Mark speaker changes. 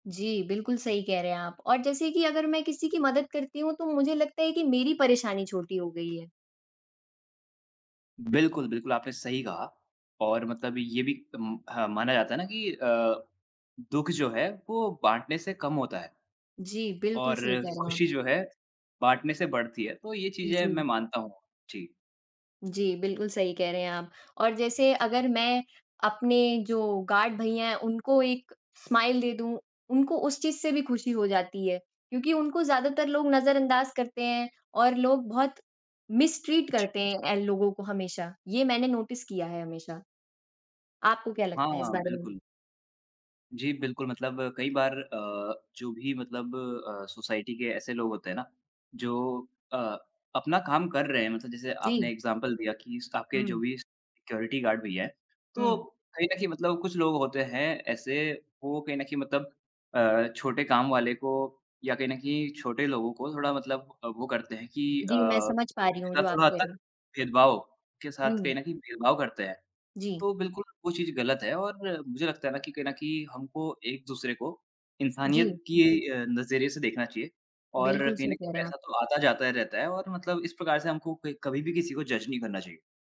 Speaker 1: जी। बिल्कुल सही कह रहे हैं आप और जैसे कि अगर मैं किसी की मदद करती हूँ तो मुझे लगता है कि मेरी परेशानी छोटी हो गई है।
Speaker 2: बिल्कुल, बिल्कुल। आपने सही कहा और मतलब ये भी अम, ह माना जाता है ना कि अ, दु:ख जो है वो बाँटने से कम होता है।
Speaker 1: जी, बिल्कुल
Speaker 2: और
Speaker 1: सही कह रहे हैं आप।
Speaker 2: खुशी जो है बाँटने से बढ़ती है। तो ये चीज़ें
Speaker 1: जी।
Speaker 2: मैं मानता हूँ। जी।
Speaker 1: जी। बिल्कुल, सही कह रहे हैं आप और जैसे अगर मैं अपने जो गार्ड भैया हैं उनको एक स्माइल दे दूँ, उनको उस चीज़ से भी खुशी हो जाती है। क्योंकि उनको ज़्यादातर लोग नज़र अंदाज़ करते हैं और लोग बहुत मिस्ट्रीट
Speaker 2: जी।
Speaker 1: करते हैं इन लोगों को हमेशा, ये मैंने नोटिस किया है हमेशा। आपको क्या लगता है इस
Speaker 2: हाँ,
Speaker 1: बारे में?
Speaker 2: बिल्कुल। जी बिल्कुल। मतलब कई बार अ, जो भी मतलब अ, सोसाइटी के ऐसे लोग होते हैं ना, जो अ, अपना काम कर रहे हैं, मतलब जैसे आपने
Speaker 1: जी।
Speaker 2: इग्ज़ैम्पल दिया कि स्टाफ़ जो
Speaker 1: हुँ।
Speaker 2: भी सिक्युरिटी गार्ड भैया हैं, तो
Speaker 1: हुँ।
Speaker 2: कहीं न कहीं मतलब कुछ लोग होते हैं ऐसे, वो कहीं न कहीं मतलब अ, छोटे काम वाले को या कहीं न कहीं छोटे लोगों को थोड़ा मतलब अ, वो करते हैं कि अ,
Speaker 1: जी, मैं समझ पा रही
Speaker 2: उनके
Speaker 1: हूँ
Speaker 2: साथ
Speaker 1: जो आप
Speaker 2: थोड़ा हद
Speaker 1: कह रहे
Speaker 2: तक
Speaker 1: हो।
Speaker 2: भेदभाव के साथ
Speaker 1: हुँ।
Speaker 2: कहीं न कहीं भेदभाव करते हैं।
Speaker 1: जी।
Speaker 2: तो बिल्कुल वो चीज़ ग़लत है और मुझे लगता है ना कि कहीं न कहीं हमको एक-दूसरे को
Speaker 1: जी।
Speaker 2: इंसानियत कि अ, नज़रिए से देखना चाहिए। और
Speaker 1: बिल्कुल,
Speaker 2: कहीं न
Speaker 1: सही कह
Speaker 2: कहीं
Speaker 1: रहे हैं आप।
Speaker 2: पैसा तो आता जाता रहता है और मतलब इस प्रकार से हमको क कभी भी किसी को जज नहीं करना चाहिए।